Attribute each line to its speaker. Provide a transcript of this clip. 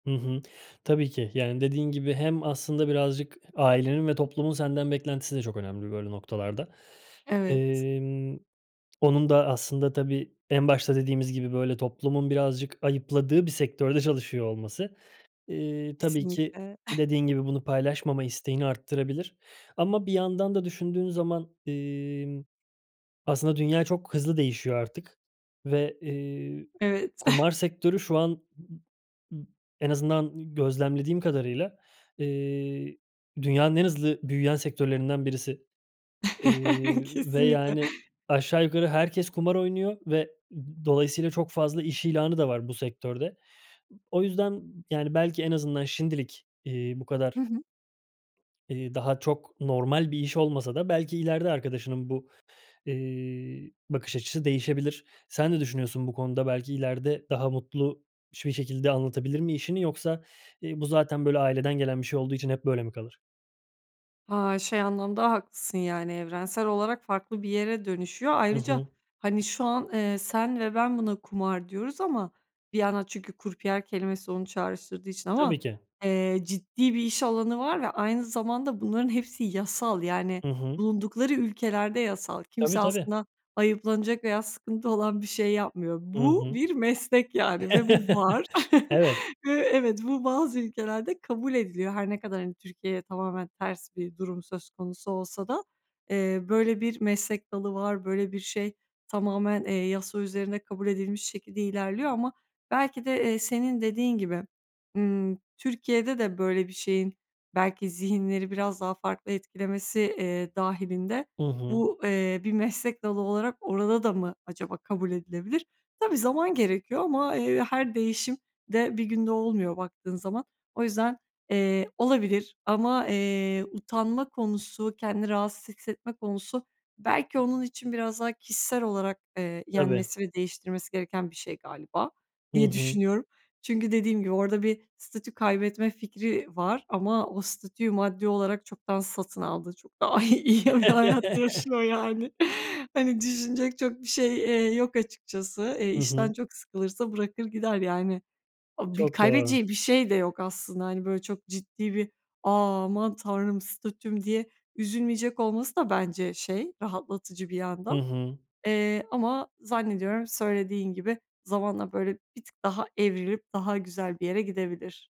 Speaker 1: Hı hı. Tabii ki, yani dediğin gibi hem aslında birazcık ailenin ve toplumun senden beklentisi de çok önemli böyle noktalarda.
Speaker 2: Evet.
Speaker 1: Emm, onun da aslında tabii en başta dediğimiz gibi böyle toplumun birazcık ayıpladığı bir sektörde çalışıyor olması, eee, tabii ki
Speaker 2: Kesinlikle.
Speaker 1: dediğin gibi bunu paylaşmama isteğini arttırabilir. Ama bir yandan da düşündüğün zaman, imm, aslında dünya çok hızlı değişiyor artık ve, eee,
Speaker 2: Evet.
Speaker 1: kumar sektörü şu an m m en azından gözlemlediğim kadarıyla, eee, dünyanın en hızlı büyüyen sektörlerinden birisi, iii, ve
Speaker 2: Kesinlikle.
Speaker 1: yani aşağı yukarı herkes kumar oynuyor ve, ııı, dolayısıyla çok fazla iş ilanı da var bu sektörde. B o yüzden yani belki en azından şimdilik, iii, bu
Speaker 2: Hı
Speaker 1: kadar
Speaker 2: hı.
Speaker 1: Eee, daha çok normal bir iş olmasa da belki ileride arkadaşının bu, eee, bakış açısı değişebilir. Sen ne düşünüyorsun bu konuda belki ileride daha mutlu biş bir şekilde anlatabilir mi işini yoksa, eee, bu zaten, böyle, aileden gelen bir şey olduğu için hep böyle mi kalır?
Speaker 2: Ha, şey anlamda haklısın. Yani evrensel olarak farklı bir yere dönüşüyor.
Speaker 1: Hı
Speaker 2: Ayrıca,
Speaker 1: hı.
Speaker 2: hani, şu an, eee, sen ve ben buna "kumar" diyoruz ama bir yana çünkü krupiye kelimesi onu çağrıştırdığı için ama,
Speaker 1: Tabii ki.
Speaker 2: eee, ciddi bir iş alanı var ve aynı zamanda bunların hepsi yasal. Yani
Speaker 1: Hı hı.
Speaker 2: bulundukları ülkelerde yasal. Kimse
Speaker 1: Tabii tabii.
Speaker 2: aslında ayıplanacak veya sıkıntı olan bir şey yapmıyor.
Speaker 1: Hı
Speaker 2: Bu
Speaker 1: hı.
Speaker 2: bir meslek yani ve bu var.
Speaker 1: Evet.
Speaker 2: Eee, evet, bu bazı ülkelerde kabul ediliyor. Her ne kadar hani Türkiye'ye tamamen ters bir durum söz konusu olsa da, eee, böyle bir meslek dalı var. Böyle bir şey tamamen, eee, yasa üzerinde kabul edilmiş şekilde ilerliyor ama belki de, eee, senin dediğin gibi, ımm, Türkiye'de de böyle bir şeyin belki zihinleri biraz daha farklı etkilemesi, eee, dâhilinde
Speaker 1: Hı hı.
Speaker 2: bu, eee, bir meslek dalı olarak orada da mı acaba kabul edilebilir? Tabii, zaman gerekiyor ama, eee, her değişim de 1 günde olmuyor baktığın zaman. O yüzden, eee, olabilir ama, eee, utanma konusu, kendini rahatsız hissetme konusu belki onun için biraz daha kişisel olarak, eee,
Speaker 1: Tabii.
Speaker 2: yenmesi ve değiştirmesi gereken bir şey galiba
Speaker 1: Hı
Speaker 2: diye
Speaker 1: hı.
Speaker 2: düşünüyorum. Çünkü dediğim gibi orada bir statü kaybetme fikri var ama o statüyü maddi olarak çoktan satın aldı, çok daha iyi iyi bir hayat yaşıyor yani. Hani düşünecek çok bir şey, eee, yok açıkçası. Eee,
Speaker 1: Hı hı.
Speaker 2: işten çok sıkılırsa bırakır gider yani. A bir a
Speaker 1: Çok doğru.
Speaker 2: kaybedeceği bir şey de yok aslında. Hani böyle çok ciddi bir "A, aman tanrım! Statüm!" diye üzülmeyecek olması da bence, şey, rahatlatıcı bir
Speaker 1: Hı
Speaker 2: yandan.
Speaker 1: hı.
Speaker 2: Eee, ama zannediyorum söylediğin gibi zamanla böyle bir tık daha evrilip daha güzel bir yere gidebilir.